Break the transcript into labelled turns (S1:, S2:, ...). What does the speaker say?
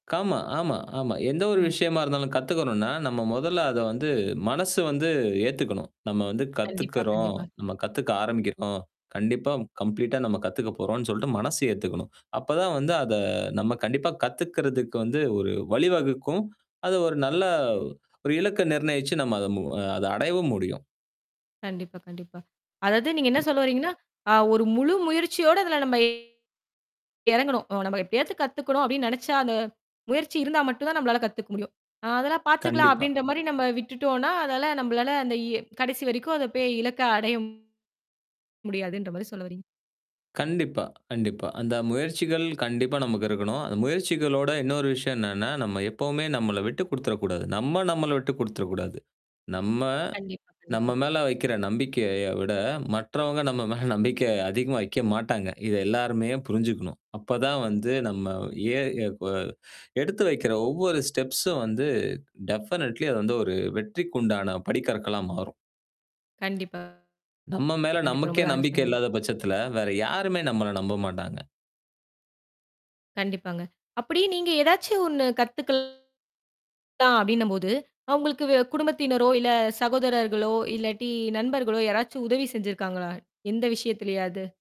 S1: ஆமா, ஆமா, ஆமா. எந்த ஒரு
S2: அ.
S1: விஷயமா இருந்தாலும் கத்துக்கணும்ன்னா, நம்ம முதல்ல அத வந்து, மனசு வந்து ஏத்துக்கணும். நம்ம வந்து
S2: கண்டிப்பா,
S1: கத்துக்கிறோம்,
S2: கண்டிப்பா.
S1: நம்ம கத்துக்க ஆரம்பிக்கிறோம், கண்டிப்பா கம்ப்ளீட்டா நம்ம கத்துக்கப்போறோம்ன்னு சொல்ட்டு மனசு ஏத்துக்கணும். அப்பதான் வந்து அத நம்ம கண்டிப்பா கத்துக்கிறதுக்கு வந்து ஒரு வழி வகுக்கும். அது ஒரு நல்ல ஒரு இலக்க நிர்ணயிச்சு, நம்ம அத மு அத அடையவும் முடியும்.
S2: கண்டிப்பா, கண்டிப்பா. அதாவது நீங்க என்ன
S1: [unintelligible]
S2: சொல்ல வர்றீங்கன்னா, அ ஒரு முழு முயற்சியோட அதுல நம்ப இறங்கணும். "நம்ப எப்படியாவது கத்துக்கணும்" அப்படின்னு நெனைச்சா, அந்த முயற்சி இருந்தா மட்டும் தான் நம்பளால கத்துக்க முடியும். "அ, அதெல்லாம் பாத்துக்கலாம்."
S1: கண்டிப்பா.
S2: அப்படின்ற மாரி நம்ப விட்டுட்டோம்ன்னா, அதால நம்பளால அந்த இ கடைசி வரைக்கும் அதைப் போயி இலக்க அடைய முடியாதுன்ற மாரி சொல்ல வர்றீங்க.
S1: கண்டிப்பா, கண்டிப்பா. அந்த முயற்சிகள் கண்டிப்பா நமக்கு இருக்கணும். அந்த முயற்சிகளோட இன்னொரு விஷயம் என்னன்னா, நம்ம எப்பவுமே நம்மள விட்டுக் குடுத்துரக்கூடாது. நம்ம, நம்மள விட்டுக் குடுத்துரக்கூடாது. நம்ம,
S2: கண்டிப்பா, கண்டிப்பா.
S1: நம்ம மேல வைக்கிற நம்பிக்கையை விட, மற்றவங்க நம்ம மேல நம்பிக்கைய அதிகமா வைக்க மாட்டாங்க. இதை எல்லாருமே புரிஞ்சுக்கணும். அப்பதான் வந்து நம்ம எ எ இப்ப எடுத்து வைக்கிற ஒவ்வொரு ஸ்டெப்ஸும் வந்து டெஃபனட்லி, அது வந்து ஒரு வெற்றிக்குண்டான படிக்கற்களா மாறும்.
S2: கண்டிப்பா
S1: நம்ம மேல
S2: கண்டிப்பா.
S1: நமக்கே
S2: ரொம்பவே அழகா
S1: நம்பிக்கை
S2: சொன்னீங்க.
S1: இல்லாத பட்சத்துல, வேற யாருமே நம்மள நம்ப மாட்டாங்க.
S2: கண்டிப்பாங்க. அப்படி நீங்க, "ஏதாச்சும் ஒண்ணு கத்துக்கலாம்." அப்படின்னும் போது, அ உங்களுக்கு வே குடும்பத்தினரோ, இல்ல சகோதரர்களோ, இல்லாட்டி நண்பர்களோ, யாராச்சும் உதவி செஞ்சிருக்காங்களா? எந்த விஷயத்துலையாது?